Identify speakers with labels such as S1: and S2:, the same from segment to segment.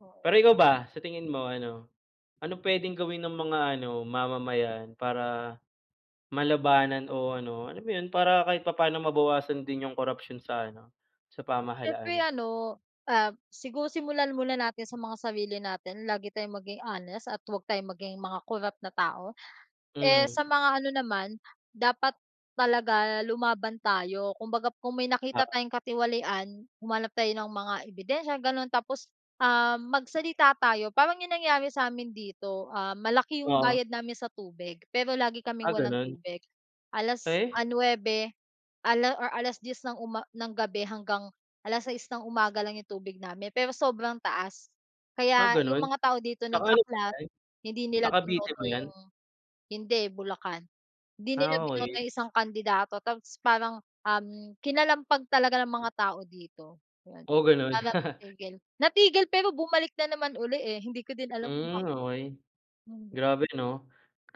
S1: Oo.
S2: Pero ikaw ba, sa tingin mo ano, anong puwedeng gawin ng mga ano mamamayan para malabanan o ano, alam mo 'yon para kahit papaano mabawasan din yung korapsyon sa ano, sa
S1: Siyempre
S2: pamahalaan?
S1: ano, ah, siguro simulan muna natin sa mga sarili natin lagi tayong maging honest at 'wag tayong maging mga corrupt na tao. Eh, sa
S2: Mhm.
S1: mga ano naman dapat talaga lumaban tayo kumbaga kung may nakita
S2: Oo.
S1: tayong katiwalian humanap tayo ng mga ebidensya gano'n tapos, um, magsalita tayo parang yung nangyari sa'min dito, ah, malaki yung
S2: Oo.
S1: bayad namin sa tubig pero lagi kaming
S2: Ah,
S1: walang
S2: gano'n?
S1: tubig alas
S2: Eh?
S1: nuwebe or 10:00 ng uma ng gabi hanggang 6:00 ng umaga lang yung tubig namin pero sobrang taas.
S2: Ah,
S1: Kaya yung
S2: gano'n,
S1: mga tao dito
S2: sa ano ba
S1: nag-aklas
S2: 'yan,
S1: hindi nila
S2: sa Cavite
S1: binoto
S2: ba 'yan?
S1: yung hindi Bulacan hindi nila
S2: Ah,
S1: binoto
S2: okey.
S1: yung isang kandidato tapos parang, um, kinalampag talaga ng mga tao dito
S2: Oh, gano'n?
S1: para matigil, natigil pero bumalik na naman, eh, hindi ko din alam
S2: Hmm,
S1: bakit,
S2: okey
S1: hindi.
S2: grabe 'no?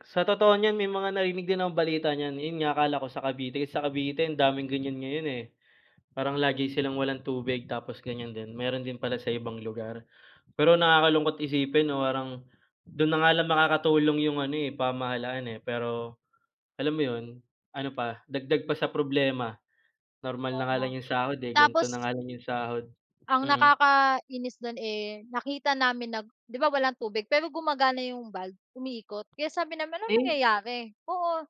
S2: Sa totoo niyan may mga narinig din ang balita niyan 'yon nga akala ko sa Cavite sa Cavite ang daming gan'yan ngayon, eh. Parang lagi silang walang tubig tapos gan'yan din meron din pala sa ibang lugar pero nakakalungkot isipin 'no parang dun na nga lang makakatulong yung ano, eh, pamahalaan, eh, pero alam mo 'yon, ano pa dagdag pa sa problema, normal na nga
S1: Tama,
S2: lang yung sahod, eh, ganito
S1: tapos.
S2: na nga lang 'yung sahod,
S1: Ang
S2: mm.
S1: nakakainis do'n, eh, nakita namin nag di ba, walang tubig pero gumagana yung valve, umiikot kaya sabi namin, "Anong
S2: Eh?
S1: nangyayari, oo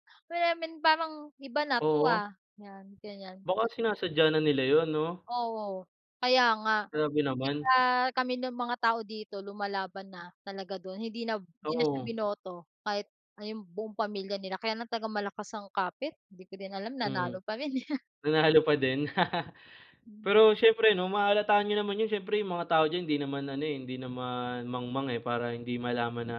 S1: parang iba na 'to,
S2: Oo.
S1: ah," 'yan gan'yan.
S2: Baka sinasadya na nila 'yon 'no?
S1: Oo, kaya nga.
S2: Grabe
S1: Di
S2: naman.
S1: ba, kami ng mga tao dito lumalaban na talaga dun hindi na hindi na siya
S2: Oo.
S1: binoto kahit ayun buong pamilya nila kaya ng tag malakas ang kapit hindi ko din alam
S2: Hmm,
S1: nanalo pa rin, eh.
S2: nanalo pa din.
S1: Hmm.
S2: Pero siyempre 'no mahahalata niyo naman 'yon siyempre yung mga tao diyan, hindi naman ano, eh, hindi naman mangmang, eh, para hindi malaman na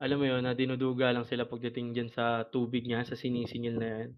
S2: alam mo 'yon na dinuduga lang sila pagdating diyan sa tubig niya sa sinisingil na 'yan.